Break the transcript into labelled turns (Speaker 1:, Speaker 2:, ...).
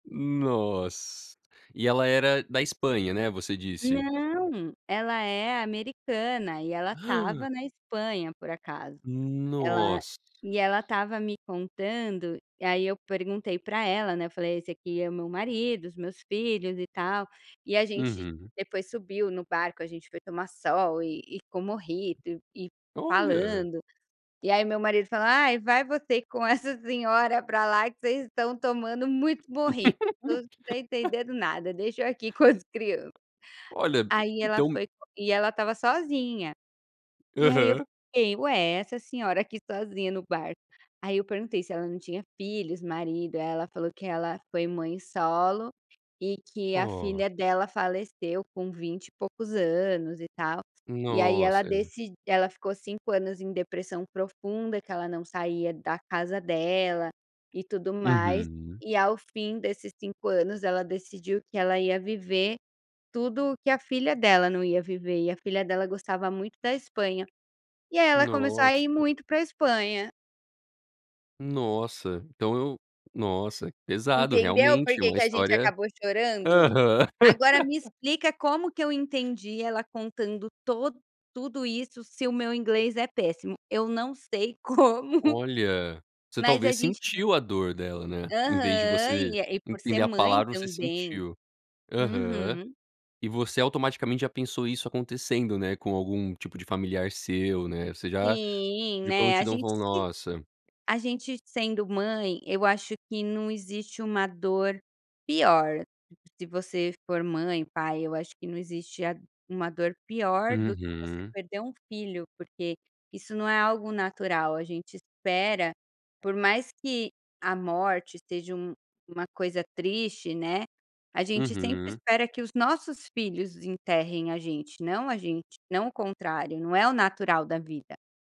Speaker 1: Nossa. E ela era da Espanha, né, você disse?
Speaker 2: Não, ela é americana e ela estava na Espanha por acaso, ela
Speaker 1: Nossa!
Speaker 2: e ela estava me contando. Aí eu perguntei para ela, né, eu falei: "Esse aqui é meu marido, os meus filhos e tal". E a gente
Speaker 1: Uhum.
Speaker 2: depois subiu no barco, a gente foi tomar sol e e com mojito e
Speaker 1: Olha.
Speaker 2: falando. E aí meu marido fala: "Ai, vai você com essa senhora para lá, que vocês estão tomando muito mojito, eu não estou entendendo nada, deixa eu aqui com as crianças".
Speaker 1: Olha,
Speaker 2: Aí ela
Speaker 1: então
Speaker 2: foi e ela estava sozinha, e aí eu
Speaker 1: Aham.
Speaker 2: fiquei: "Ué essa senhora aqui sozinha no barco". Aí eu perguntei se ela não tinha filhos, marido. Aí ela falou que ela foi mãe solo, e que a
Speaker 1: Oh.
Speaker 2: filha dela faleceu com vinte e poucos anos e tal. E aí ela
Speaker 1: Nossa [unintelligible]
Speaker 2: deci ela ficou 5 anos em depressão profunda, que ela não saía da casa dela e tudo mais.
Speaker 1: Uhum.
Speaker 2: E, ao fim desses 5 anos, ela decidiu que ela ia viver tudo o que a filha dela não ia viver, e a filha dela gostava muito da Espanha. E aí ela começou a
Speaker 1: Nossa.
Speaker 2: ir muito para Espanha.
Speaker 1: Nossa, então eu nossa, pesado.
Speaker 2: Entendeu por
Speaker 1: Realmente
Speaker 2: que
Speaker 1: uma
Speaker 2: que a gente
Speaker 1: história
Speaker 2: acabou chorando?
Speaker 1: Aham.
Speaker 2: Agora me explica como que eu entendi ela contando to tudo isso se o meu inglês é péssimo? Eu não sei como,
Speaker 1: Olha, você
Speaker 2: mas a
Speaker 1: talvez
Speaker 2: gente
Speaker 1: sentiu a dor dela, né, em vez de
Speaker 2: Aham,
Speaker 1: você
Speaker 2: e e por ser
Speaker 1: entender a
Speaker 2: mãe
Speaker 1: palavra você
Speaker 2: também.
Speaker 1: sentiu. Aham.
Speaker 2: Uhum.
Speaker 1: E você automaticamente já pensou isso acontecendo, né, com algum tipo de familiar seu, né, você já,
Speaker 2: Sim,
Speaker 1: de
Speaker 2: né, a
Speaker 1: prontidão
Speaker 2: gente
Speaker 1: falou:
Speaker 2: se
Speaker 1: "Nossa."
Speaker 2: a gente sendo mãe eu acho que não existe uma dor pior. Se você for mãe, pai, eu acho que não existe a uma dor pior do que você
Speaker 1: Uhum.
Speaker 2: perder um filho, porque isso não é algo natural. A gente espera, por mais que a morte seja um uma coisa triste, né, a gente sempre
Speaker 1: Uhum.
Speaker 2: espera que os nossos filhos enterrem a gente, não a gente não o contrário. Não é o natural da vida.